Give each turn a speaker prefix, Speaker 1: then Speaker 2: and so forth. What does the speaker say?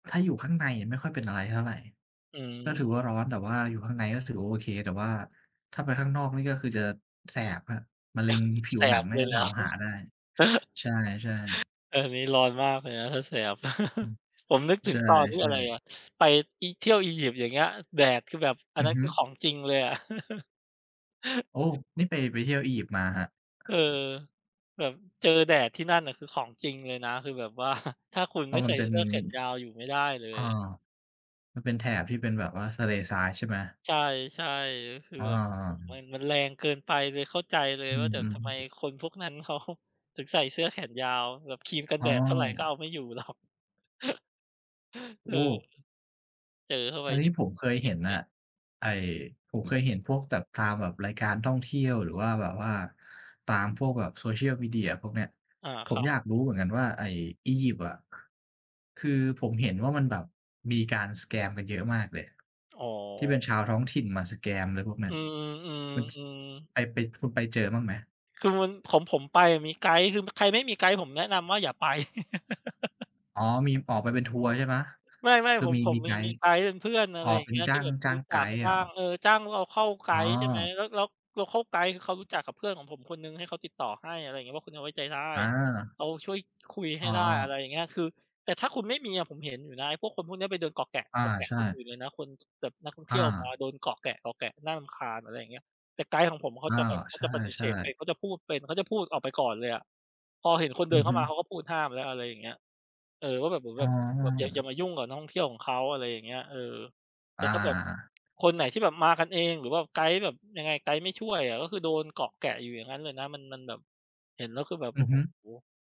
Speaker 1: ถ้าอยู่ข้างในไม่ค่อยเป็นอะไรเท่าไร
Speaker 2: อื
Speaker 1: ก็ถ
Speaker 2: ม
Speaker 1: ือว่าร้อน แต่ว่าอยู่ข้างในก็ถือว่าโอเค แต่ว่าถ้าไปข้างนอกนี่ก็คือจะแสบครับ มะเร็งผิ
Speaker 2: แส
Speaker 1: วหนั
Speaker 2: บ
Speaker 1: งน
Speaker 2: เ
Speaker 1: ่
Speaker 2: ล
Speaker 1: า
Speaker 2: ย
Speaker 1: จะ
Speaker 2: เหร
Speaker 1: ถา
Speaker 2: อ?
Speaker 1: มหาได้ ใช่ ๆ
Speaker 2: อันนี้ร้อนมากเลยนะ ถ้าแสบ
Speaker 1: อืม
Speaker 2: ผมนึกถ
Speaker 1: ใ
Speaker 2: ึ
Speaker 1: ช
Speaker 2: งตอนที่อ
Speaker 1: ่
Speaker 2: ะไร
Speaker 1: ๆ
Speaker 2: อะ ไปอี เที่ยวอียิปต์อย่างเงี้ย แดดคือแบบ อั
Speaker 1: อ
Speaker 2: น
Speaker 1: ื
Speaker 2: นั
Speaker 1: อ
Speaker 2: ้น
Speaker 1: ฮ
Speaker 2: ค
Speaker 1: ึ
Speaker 2: ือของจริงเลยอะ
Speaker 1: โอ้! นี่ไป ไปเที่ยวอียิปต์มาครับ
Speaker 2: เออ แบบเจอแดดที่นั่นน่ะ คือของจริงเลยนะ คือแบบ ว่า ถ้าคุณ
Speaker 1: เ
Speaker 2: ไ
Speaker 1: พ
Speaker 2: ม
Speaker 1: รา
Speaker 2: ่
Speaker 1: ะ
Speaker 2: ใ
Speaker 1: ม
Speaker 2: ส
Speaker 1: ั
Speaker 2: ่
Speaker 1: นเป็
Speaker 2: เส
Speaker 1: น
Speaker 2: ื้อแขนยาวอยู่ไม่ได้เล
Speaker 1: อ่า
Speaker 2: ย
Speaker 1: มันเป็นแถบที่เป็นแบบว่าทะเลทราย ใช่ไหม?
Speaker 2: ใช่ ๆ คือ
Speaker 1: อ
Speaker 2: แบบ โอ้โฮ มัน
Speaker 1: า
Speaker 2: มันแรงเกินไป เลยเข้าใจเลย
Speaker 1: อื
Speaker 2: ว่า แบบ
Speaker 1: ม
Speaker 2: ทำไม
Speaker 1: ๆ
Speaker 2: คนพวกนั้น เขา ถึงใส่เสื้อแขนยาว แบบครีมกัน
Speaker 1: อ
Speaker 2: แ
Speaker 1: ๋
Speaker 2: ดดเท่าไรก็เอ
Speaker 1: อ
Speaker 2: าไม่อยู่ หรอก เอ
Speaker 1: โอ
Speaker 2: อ
Speaker 1: ้!
Speaker 2: เจอเข้าไป
Speaker 1: อันน
Speaker 2: นี
Speaker 1: ี้
Speaker 2: ่
Speaker 1: ผมเคย
Speaker 2: เข็
Speaker 1: เห
Speaker 2: ด
Speaker 1: ็น
Speaker 2: เล
Speaker 1: น่ะ
Speaker 2: ย
Speaker 1: ไอ้ ผมเคยเห็นพวกแบบตามแบบรายการท่องเที่ยว หรือว่าแบบว่าตามพวกแบบโซเชียลมีเดียพวกเนี้ย
Speaker 2: อา
Speaker 1: ผ
Speaker 2: คร
Speaker 1: ม
Speaker 2: ับ
Speaker 1: อยากรู้เหมือนกันว่าไอ้อียิปต์อะ คือผมเห็นว่ามันแบบมีการ สแกม กันเยอะมากเลย
Speaker 2: อ๋อ
Speaker 1: ที่เป็นชาวท้องถิ่นมา สแกม อะไรพวกนั
Speaker 2: อ
Speaker 1: ้
Speaker 2: ื
Speaker 1: น
Speaker 2: อ
Speaker 1: คุณ
Speaker 2: ๆ ๆ
Speaker 1: ส
Speaker 2: อือ
Speaker 1: ไป ไป คุณไปเจอบ้างไหม?
Speaker 2: คือมัน ของผมไปอะมีไกด์ คือ ม ใครไม่มีไกด์ ผมแนะนำว่าอย่าไป
Speaker 1: อ๋อ มีออกไปเป็นทัวร์ใช่ไหม?
Speaker 2: ไม่
Speaker 1: คื
Speaker 2: ๆ ผ
Speaker 1: อ
Speaker 2: ม
Speaker 1: มี
Speaker 2: ผม
Speaker 1: มีไ
Speaker 2: มี
Speaker 1: ก
Speaker 2: มี
Speaker 1: ด
Speaker 2: มี
Speaker 1: ์
Speaker 2: ไกด์เป็นเพื่อน อ
Speaker 1: อ
Speaker 2: ะ
Speaker 1: ๋
Speaker 2: ไ
Speaker 1: อ
Speaker 2: รอย่า
Speaker 1: เป
Speaker 2: ง
Speaker 1: ็
Speaker 2: เง
Speaker 1: น
Speaker 2: ี้ย
Speaker 1: จ้
Speaker 2: ที
Speaker 1: า
Speaker 2: ่
Speaker 1: ง
Speaker 2: แบบ
Speaker 1: จ้า
Speaker 2: รู้
Speaker 1: ง
Speaker 2: จ
Speaker 1: ไก
Speaker 2: ัก
Speaker 1: ด์เ
Speaker 2: จ
Speaker 1: หร
Speaker 2: ้า
Speaker 1: อครั
Speaker 2: ง
Speaker 1: บ?
Speaker 2: เออ จ้าง โลคัล ไก
Speaker 1: อ๋
Speaker 2: ด์ ใช่ไหม
Speaker 1: อ
Speaker 2: แล้ว แล้ว โลคัล ไกด์ คือเขารู้จักกับเพื่อนของผมคนหนึ่งให้เขาติดต่อให้ อะไรอย่างเงี้ย ว่าคนเนี้ยไว้ใจได้
Speaker 1: อา
Speaker 2: เขาช่วยคุยให
Speaker 1: อ๋
Speaker 2: ้ได้ อะไ
Speaker 1: อ
Speaker 2: รอย่างเงี้ย คือ แต่ถ้าคุณไม่มีอะ ผมเห็นอยู่นะ ไอ้พวกคนพวกเนี้ยไปเดินเกาะแกะ
Speaker 1: อา
Speaker 2: เกาะแก
Speaker 1: ใ
Speaker 2: ะ
Speaker 1: ช
Speaker 2: ค
Speaker 1: ่
Speaker 2: นอื่นเลยนะ คน ท แบบนักท่องเท
Speaker 1: อ
Speaker 2: ี่ยวมา
Speaker 1: า
Speaker 2: โดนเกาะแกะ ๆ น่ารำคาญ อะไรอย่างเงี้ย แต่ไกด์ของผมเขา
Speaker 1: อา
Speaker 2: จะแบบ เข
Speaker 1: ใ
Speaker 2: าจะปฏิ
Speaker 1: ช
Speaker 2: เส
Speaker 1: ่
Speaker 2: ธเป็
Speaker 1: ๆ
Speaker 2: น เขาจะพูดเป็น เขาจะพูดออกไปก่อนเลยอะ พอเห็นคน
Speaker 1: อ
Speaker 2: เด
Speaker 1: ื
Speaker 2: ิน
Speaker 1: อ
Speaker 2: เข้
Speaker 1: ฮ
Speaker 2: า
Speaker 1: ึ
Speaker 2: มา เขาก็พูดห้ามแล้ว อะไรอย่างเงี้ย เออ ว่าแบบ เหมือน
Speaker 1: อ๋
Speaker 2: แบบ แบบอย่า อย่า
Speaker 1: อ
Speaker 2: มายุ่งกับนักท่องเที่ยวของเขา อะไรอย่างเงี้ย เออ แต
Speaker 1: อ
Speaker 2: ่ถ้าแบบ
Speaker 1: า
Speaker 2: คนไหนที่แบบมากันเอง หรือว่าไกด์แบบ ยังไง ไกด์ไม่ช่วยอะ ก็คือโดนเกาะแกะอยู่อย่างงั้นเลยนะ มัน มันแบบ เห็นแล้วคือแบบ โ
Speaker 1: อ
Speaker 2: อ
Speaker 1: ื
Speaker 2: ้
Speaker 1: อ
Speaker 2: โ
Speaker 1: ฮึ
Speaker 2: ฮ